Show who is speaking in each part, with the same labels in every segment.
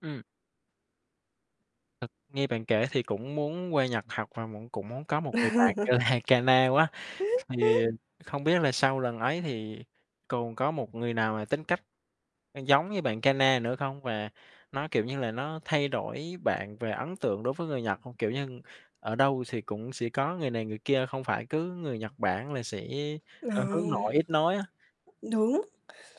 Speaker 1: Ừm. Thực nghe bạn kể thì cũng muốn qua Nhật học và mẫn cũng muốn có một người bạn như Haikana quá. Thì không biết là sau lần ấy thì còn có một người nào mà tính cách, ơ, giống như bạn Kana nữa không? Và nó, kiểu như là, nó thay đổi bạn về ấn tượng đối với người Nhật hông? Kiểu như, ở đâu xì cũng sẽ có người này người kia, không phải cứ người Nhật Bản là sẽ,
Speaker 2: Ờ.
Speaker 1: ơ, hướng nội, ít nói á.
Speaker 2: Đúng.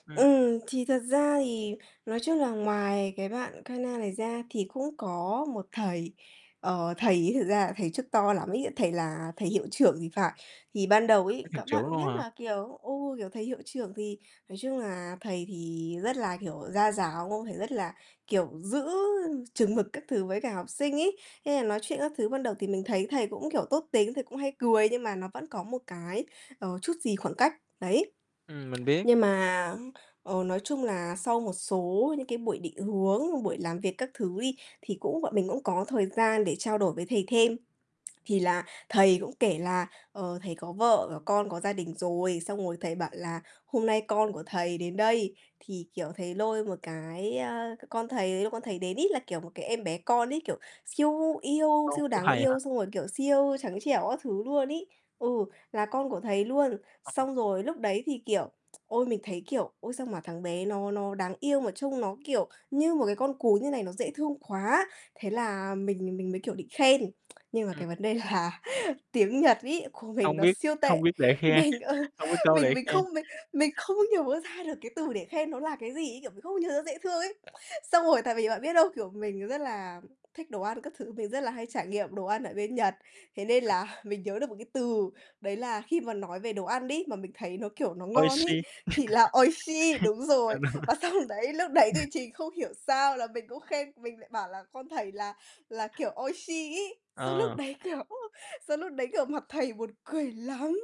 Speaker 1: Ừm.
Speaker 2: Ừm, thì thật ra thì nói chung là ngoài cái bạn Kana này ra, thì cũng có một thầy. Ờ, thầy ấy thực ra là thầy chức to lắm ấy, thầy là thầy hiệu trưởng thì phải. Thì ban đầu
Speaker 1: [unintelligible]
Speaker 2: ấy,
Speaker 1: Đến hiệu
Speaker 2: các
Speaker 1: trưởng
Speaker 2: bạn
Speaker 1: luôn
Speaker 2: biết
Speaker 1: hả?
Speaker 2: là, kiểu, ừ, kiểu, thầy hiệu trưởng thì nói chung là thầy thì rất là, kiểu, gia giáo không? Thầy rất là, kiểu, giữ chừng mực các thứ với cả học sinh ấy, nên là nói chuyện các thứ ban đầu thì mình thấy thầy cũng, kiểu, tốt tính, thầy cũng hay cười nhưng mà nó vẫn có một cái, ờ, chút gì khoảng cách, đấy.
Speaker 1: Ừm, mình biết.
Speaker 2: Nhưng mà, ờ, nói chung là sau một số những cái buổi định hướng, buổi làm việc các thứ đi, thì cũng bọn mình cũng có thời gian để trao đổi với thầy thêm. Thì là thầy cũng kể là, ờ, thầy có vợ có con, có gia đình rồi, xong rồi thầy bảo là "Hôm nay con của thầy đến đây." Thì, kiểu, thầy lôi một cái a, c con thầy ấy, lúc con thầy đến ấy, là, kiểu, một cái em bé con ấy, kiểu, siêu yêu,
Speaker 1: Con
Speaker 2: siêu
Speaker 1: của
Speaker 2: đáng
Speaker 1: thầy hả?
Speaker 2: yêu xong rồi, kiểu, siêu trắng trẻo các thứ luôn ấy, ừ, là con của thầy luôn.
Speaker 1: Ờ.
Speaker 2: Xong rồi lúc đấy thì, kiểu, ôi, mình thấy, kiểu, ôi, sao mà thằng bé nó nó đáng yêu mà trông nó, kiểu, như một cái con cún như này, nó dễ thương quá, thế là mình nà mình mới kiểu định khen. Nhưng mà
Speaker 1: Ừm.
Speaker 2: cái vấn đề là tiếng Nhật ấy của mình
Speaker 1: Hông
Speaker 2: nó
Speaker 1: biết
Speaker 2: siêu
Speaker 1: không
Speaker 2: tệ,
Speaker 1: biết bể khe,
Speaker 2: mình, ờ,
Speaker 1: hông biết câu
Speaker 2: mình
Speaker 1: để
Speaker 2: mình
Speaker 1: khe.
Speaker 2: không mình mình không nhớ ra được cái từ để khen nó là cái gì ấy, kiểu, mình không nhớ dễ thương ấy. Xong rồi tại vì bạn biết không? Kiểu, mình rất là thích đồ ăn các thứ, mình rất là hay trải nghiệm đồ ăn ở bên Nhật, thế nên
Speaker 1: À.
Speaker 2: là mình nhớ được một cái từ. Đấy là khi mà nói về đồ ăn đó, mà mình thấy nó, kiểu, nó ngon ấy,
Speaker 1: Oishii.
Speaker 2: thì là oishii, đúng
Speaker 1: Ờ,
Speaker 2: rồi.
Speaker 1: đúng rồi.
Speaker 2: Và xong đấy lúc đấy thì trình không hiểu sao là mình cũng khen, mình lại bảo là con thầy là là, kiểu, oishii, ấy. Xong lúc
Speaker 1: Ờ.
Speaker 2: đấy, kiểu xong lúc đấy, kiểu, mặt thầy buồn cười lắm,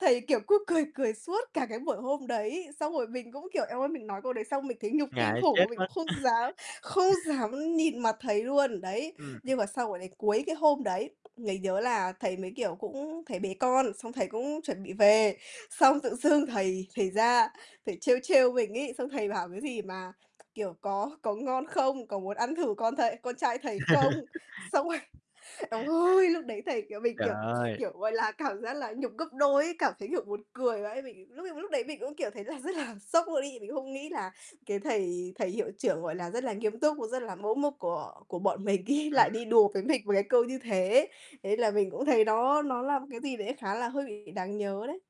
Speaker 2: thầy, kiểu, cứ cười cười suốt cả cái buổi hôm đấy. Xong rồi mình cũng, kiểu, eo ơi, mình nói câu đấy xong mình thấy nhục kinh
Speaker 1: Ngại
Speaker 2: khủng.
Speaker 1: chết
Speaker 2: Mình
Speaker 1: mất.
Speaker 2: cũng không dám không dám nhìn mặt thầy luôn, đấy.
Speaker 1: Ừm.
Speaker 2: Nhưng mà sau quả đấy, cuối cái hôm đấy, mình nhớ là thầy mới, kiểu, cũng thầy bế con, xong thầy cũng chuẩn bị về. Xong tự dưng thầy thầy ra, thầy trêu trêu mình ấy, xong thầy bảo cái gì mà, kiểu: "Có có ngon không? Có muốn ăn thử con thầy con trai thầy không?" Xong rồi eo ơi! Lúc đấy thầy, kiểu mình,
Speaker 1: Trời
Speaker 2: kiểu
Speaker 1: ơi.
Speaker 2: kiểu, gọi là, cảm giác là nhục gấp đôi ấy, cảm thấy, kiểu, buồn cười vãi. Mình lúc ấy mà lúc đấy mình cũng, kiểu, thấy là rất là sốc luôn ấy. Mình cũng không nghĩ là cái thầy thầy hiệu trưởng, gọi là, rất là nghiêm túc, và rất là mẫu mực của của bọn mình ấy lại
Speaker 1: Ừm.
Speaker 2: đi đùa với mình với cái câu như thế. Thế là mình cũng thấy nó nó là một cái gì đấy khá là hơi bị đáng nhớ đấy.